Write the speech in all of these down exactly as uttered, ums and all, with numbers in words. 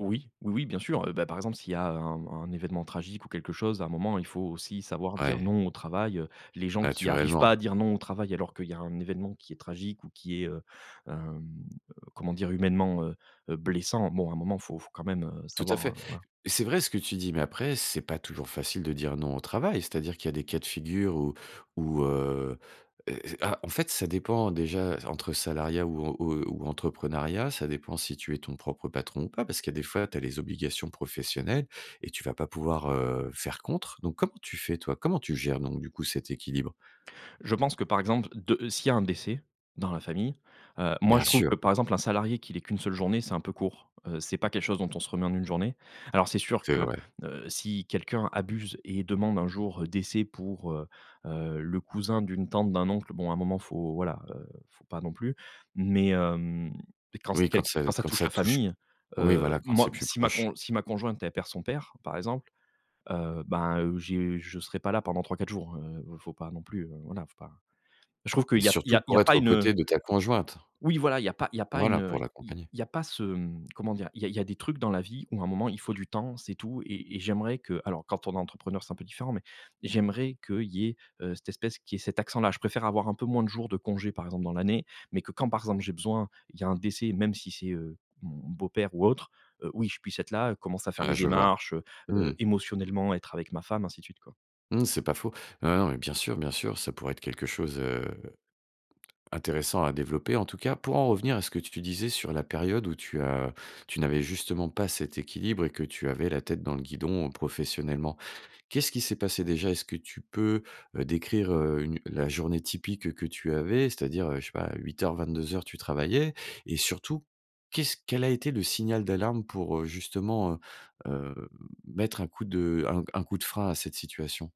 Oui, oui, oui, bien sûr. Heu, bah, par exemple, s'il y a un un événement tragique ou quelque chose, un moment, il faut aussi savoir dire: Ouais. «Non» au travail. Heu, les gens qui arrivent pas à Naturellement. dire: «Non» au travail alors qu'il y a un événement qui est tragique ou qui est, heu, hem, heu, comment dire? Humainement, heu, heu, blessant, bon à un moment faut faut quand même, heu, Tout à savoir, heu, fait. voilà. C'est vrai ce que tu dis mais après, c'est pas toujours facile de dire: «Non» au travail. C'est-à-dire qu'il y a des cas de figure où où, heu, heu, heu, ah en fait, ça dépend déjà entre salariat ou, heu, ou, heu, ou entrepreneuriat. Ça dépend si tu es ton propre patron ou pas. Parce qu'il y a des fois, tu as les obligations professionnelles et tu vas pas pouvoir, heu, faire contre donc, comment tu fais toi? Comment tu gères donc du coup cet équilibre? Je pense que par exemple de s'il y a un décès dans la famille, heu, moi Bien je trouve sûr. que par exemple un salarié qu'il ait qu'une seule journée, c'est un peu court. Heu, c'est pas quelque chose dont on se remet en une journée. Alors c'est sûr C'est que, vrai. heu, si quelqu'un abuse et demande un jour, heu, décès pour, heu, heu, le cousin d'une tante d'un oncle, bon à un moment faut voilà, heu, faut pas non plus mais hem, quand c'est Oui, quel quand ça quand ça quand touche ça la touche famille, oui, heu, voilà, quand c'est moi plus si ma proche. con si ma conjointe elle perd son père par exemple, heu ben, heu, j'ai je serai pas là pendant trois-quatre jours. Heu, faut pas non plus, heu, voilà faut pas je trouve qu'il Et y a il y surtout a il y a pour être pas aux une, heu côtés de ta conjointe. Oui voilà, il y a pas il y a une, Voilà heu, pour i l'accompagner. il y a pas ce, mmh, comment dire? Il y a il y a des trucs dans la vie où à un moment il faut du temps, c'est tout et et j'aimerais que alors quand on est entrepreneur c'est un peu différent mais j'aimerais qu'il y ait, heu, cette espèce qu'il y ait cet accent-là. Je préfère avoir un peu moins de jours de congés par exemple dans l'année mais que quand par exemple j'ai besoin il y a un décès, même si c'est, heu, mon beau père ou autre, heu, oui, je puisse être là, commencer à faire Ouais, des je vois. démarches, heu, Mmh mh. heu, émotionnellement, être avec ma femme, ainsi de suite quoi. Mmh mh c'est pas faux. Non, non mais bien sûr, bien sûr, ça pourrait être quelque chose, heu, intéressant à développer en tout cas. Pour en revenir à ce que tu disais sur la période où tu as tu n'avais justement pas cet équilibre et que tu avais la tête dans le guidon professionnellement, qu'est-ce qui s'est passé déjà? Est-ce que tu peux, heu, décrire, heu, une la journée typique, heu, que tu avais? C'est-à-dire, heu, je sais pas, huit heures-vingt-deux heures, tu travaillais et surtout qu'est-ce quel a été le signal d'alarme pour, heu, justement, heu, heu, mettre un coup de un un coup de frein à cette situation?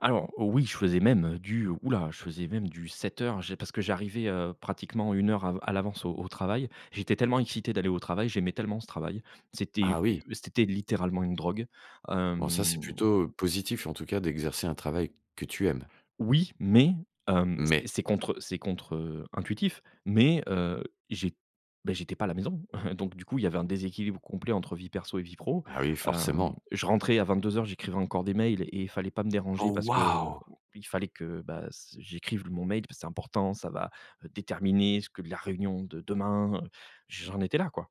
Alors oui, je faisais même du ouh là, je faisais même du sept heures, j'ai parce que j'arrivais, heu, pratiquement une heure av à l'avance au au travail. J'étais tellement excité d'aller au travail, j'aimais tellement ce travail. C'était u Ah oui. c'était littéralement une drogue, Bon ça, c'est hem plutôt, heu, positif en tout cas d'exercer un travail que tu aimes. Oui mais hem, c'est Mais? c'est contre, heu, c'est contre, heu, intuitif mais heu, j'ai bah, j'étais pas à la maison. Donc du coup, il y avait un déséquilibre complet entre vie perso et vie pro. Ah oui, Hem, forcément. je rentrais à vingt deux heures, j'écrivais encore des mails et fallait pas me déranger Oh parce qu'il waouh! fallait que, bah s j'écrive mon mail parce que: «C'est important, ça va, heu, déterminer ce que la réunion de demain», heu, j'en étais là, quoi.